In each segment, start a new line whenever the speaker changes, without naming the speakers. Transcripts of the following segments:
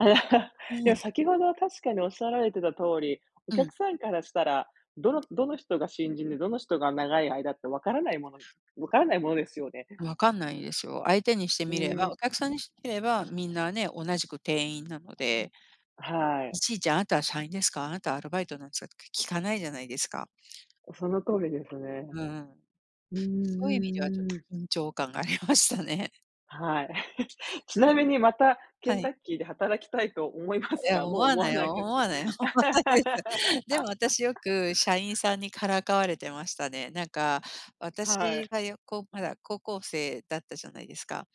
う
いや、
ん。
先ほどは確かにおっしゃられてた通り、お
うん。
客さんからしたら、どのどの人が新人で、どの人が長い間ってわからないものわからないものですよね。
わかんないですよ。相手にして
う、
みればお客
ん。
さんにしてみれば、みんなね、同じく店員なので。
はい。
いちいち、あなたは社員ですか？あなたはアルバイトなんですか？って聞かないじゃないですか。
お、その通りです
う
ね。
んうん。
う
そういう意味ではちょ
んう
っ
んうん。
と緊張感がありましたね。
はい。ちなみにまた、ケ
は
ンタ
い。
ッキーで働きたいと思いま
い
す
や、
か？
思
もう
わ
思
な
わ
い
ない
よ
です
思
か？
わないよ、思わないです。でも私よ く社員さんにからかわれてましたね。なんか、
は
私
い。
がやこう、まだ高校生だったじゃないですか。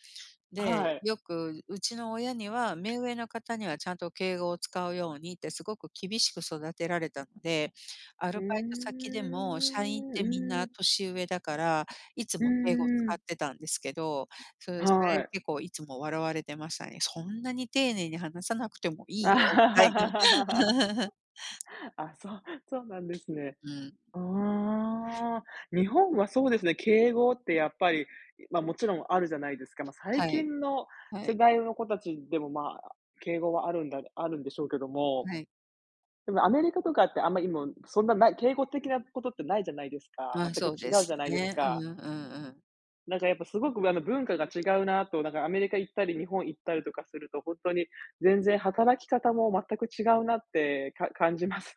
は
で、
い。
よくうちの親には目上の方にはちゃんと敬語を使うようにって、すごく厳しく育てられたんで。ア
う
ル
ー
バイト先でも社員っ
ん
てみん
う
な
ん。
年上だから、いつ
う
も敬語を
ー
使っ
ん。
ていたんですけど、そう、そ
は
れ
い。
結構いつも笑われてましたね。そんなに丁寧に話さなくても いいよみたいな。
あ、そうそうなんですね。
うん。
うーん、日本はそうですね。敬語ってやっぱり、ま、もちろんあるじゃないですか。ま、最
はい。
近の
は
世
い。
代の子達でも、ま、敬語はあるんだあるんでしょうけども、
はい。
でもアメリカとかって、あんまいも、そんなない敬語的なことってないじゃないですか。
まあ、
全く
そうで
違う
す
じゃないです
ね。うん
か。
うんうん。
なんか、やっぱすごくあの、文化が違うなと、なんか、アメリカ行ったり日本行ったりとかするとほんとに、全然働き方も全く違うなってか感じます。